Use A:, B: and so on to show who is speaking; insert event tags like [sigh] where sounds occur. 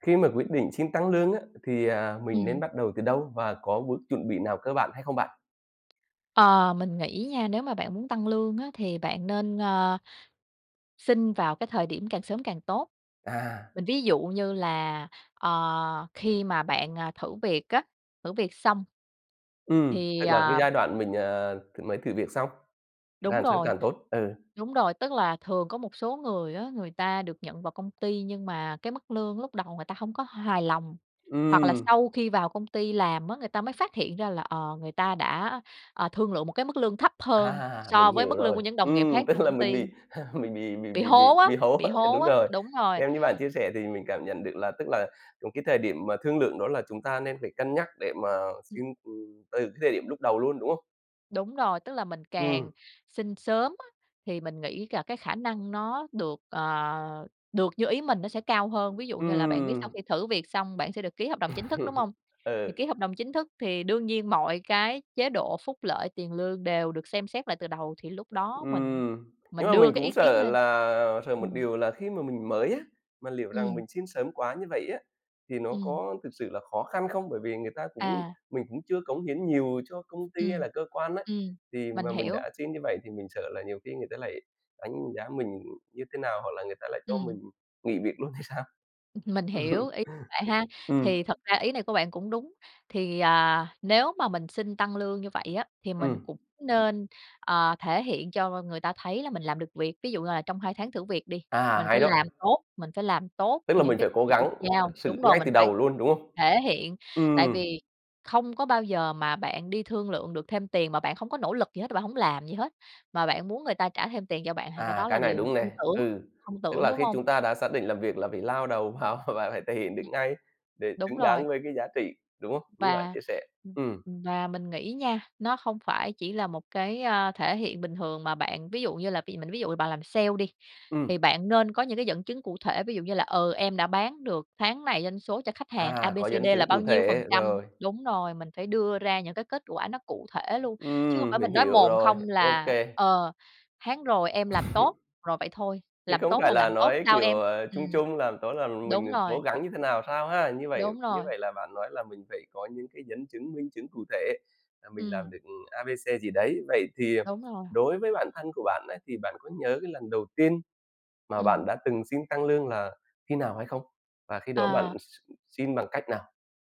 A: Khi mà quyết định xin tăng lương á, thì, à, mình nên
B: Ừm.
A: bắt đầu từ đâu? Và có bước chuẩn bị nào cơ bản hay không bạn?
B: Ờ, mình nghĩ nha, nếu mà bạn muốn tăng lương á, thì bạn nên, à, xin vào cái thời điểm càng sớm càng tốt.
A: À.
B: Mình ví dụ như là, ờ, khi mà bạn, à, thử việc á, thử việc xong.
A: Ừm,
B: Thì,
A: tức là cái
B: à
A: giai đoạn mình, ờ, th mới thử việc xong,
B: Đúng
A: càng sớm
B: rồi,
A: càng tốt. Ừ.
B: đúng rồi. Tức là thường có một số người á, người ta được nhận vào công ty nhưng mà cái mức lương lúc đầu người ta hông có hài lòng. Hoặc là
A: Ừm.
B: sau khi vào công ty làm á, người ta mới phát hiện ra là, ờ, người ta đã, ờ, thương lượng một cái mức lương thấp hơn
A: À,
B: so
A: mình
B: với
A: hiểu
B: mức lương của
A: rồi.
B: những đồng nghiệp
A: Ừm,
B: khác
A: tức
B: trong
A: là
B: công
A: mình
B: ty
A: bị mình bị bị
B: bị
A: bị bị
B: hố á,
A: bị hố,
B: bị hố
A: đúng
B: á,
A: rồi.
B: đúng rồi.
A: Theo như bạn chia sẻ thì mình cảm nhận được là, tức là những cái thời điểm mà thương lượng đó là chúng ta nên phải cân nhắc để mà xin, ừm, từ cái thời điểm lúc đầu luôn, đúng không?
B: Đúng rồi. Tức là mình càng
A: Ừm.
B: xin sớm á, thì mình nghĩ là cái khả năng nó được, ờ, được như ý mình nó sẽ cao hơn. Ví dụ như là bạn biết sau
A: Ừm.
B: khi thử việc xong, bạn sẽ được ký hợp đồng chính thức, đúng
A: [laughs]
B: hông? Thì
A: Ừ.
B: ký hợp đồng chính thức thì đương nhiên mọi cái chế độ, phúc lợi, tiền lương đều được xem xét lại từ đầu, thì lúc đó mình
A: Ừm, nhưng
B: mình
A: mà
B: đưa
A: mình
B: cái
A: cũng
B: ý kiến
A: sợ
B: lên.
A: là sợ một
B: Ừm.
A: điều là khi mà mình mới á, mà liệu rằng
B: Ừm.
A: mình xin sớm quá như vậy á, thì nó
B: Ừm.
A: có thực sự là khó khăn không? Bởi vì người ta cũng
B: À.
A: mình cũng chưa cống hiến nhiều cho công ty hay
B: Ừm,
A: là cơ quan ấy,
B: ừm,
A: thì
B: mình
A: mà mình
B: hiểu.
A: đã xin như vậy thì mình sợ là nhiều khi người ta lại đánh giá mình như thế nào, hoặc là người ta lại cho mình
B: Ừm.
A: nghỉ việc luôn thì sao?
B: Mình hiểu ý
A: [laughs]
B: bạn ha.
A: Ừm.
B: Thì thật ra ý này của bạn cũng đúng, thì, à, nếu mà mình xin tăng lương như vậy á, thì mình
A: Ừm.
B: cũng nên, ờ, thể hiện cho người ta thấy là mình làm được việc. Ví dụ như là trong 2 tháng thử việc đi,
A: À,
B: mình phải
A: hay đó.
B: làm tốt, mình phải làm tốt
A: Tức là
B: những
A: mình
B: cái
A: phải
B: công
A: cố
B: việc được
A: gắng thật
B: giao
A: sự
B: đúng rồi,
A: ngay
B: mình
A: từ
B: phải
A: đầu luôn, đúng không?
B: thể hiện, tại
A: Ừm.
B: vì không có bao giờ mà bạn đi thương lượng được thêm tiền mà bạn không có nỗ lực gì hết, bạn hổng làm gì hết mà bạn muốn người ta trả thêm tiền cho bạn, thì cái
A: À,
B: đó là
A: cái này
B: điều
A: đúng
B: không
A: nè.
B: tưởng,
A: Ừ,
B: không
A: tức
B: tưởng,
A: là
B: đúng
A: khi
B: hông?
A: chúng ta đã xác định làm việc là phải lao đầu vào và phải thể hiện được ngay, để
B: Đúng
A: xứng
B: rồi.
A: đáng với cái giá trị, đúng không? Đúng như bạn
B: Và,
A: chia sẻ. Ừm.
B: và mình nghĩ nha, nó không phải chỉ là một cái, ơ, thể hiện bình thường mà bạn. Ví dụ như là bị mình ví dụ là bạn làm sale đi, thì
A: Ừm.
B: bạn nên có những cái dẫn chứng cụ thể, ví dụ như là, ừ, "em đã bán được tháng này doanh số cho khách hàng A,
A: À,
B: B, C,
A: có
B: D
A: dẫn chứng
B: là bao
A: cụ
B: nhiêu phần
A: thể,
B: trăm"
A: rồi.
B: đúng rồi, mình phải đưa ra những cái kết quả nó cụ thể luôn, chứ không
A: Ừm,
B: phải
A: mình
B: mình nói
A: hiểu
B: mồm
A: rồi,
B: không
A: ô
B: là,
A: kê.
B: ờ, "tháng rồi em làm tốt",
A: [laughs]
B: rồi vậy thôi.
A: Chứ
B: "Làm
A: không
B: tốt
A: phải
B: là
A: là
B: làm tốt
A: nói,
B: sao
A: kiểu,
B: em?"
A: ờ, chung
B: ừm.
A: chung làm tốt là mình
B: Đúng
A: cố
B: rồi.
A: gắng như thế nào, sao ha? Như vậy
B: Đúng
A: như
B: rồi.
A: vậy là bạn nói là mình phải có những cái dẫn chứng, minh chứng cụ thể là mình làm
B: Ừm.
A: được, ừm, A, B, C, gì đấy. Vậy thì, ờ,
B: Đúng rồi.
A: đối với bản thân của bạn ấy, thì bạn có nhớ cái lần đầu tiên mà bạn
B: Ừm.
A: đã từng xin tăng lương là khi nào hay không? Và khi đó
B: Ờ.
A: bạn x x xin bằng cách nào?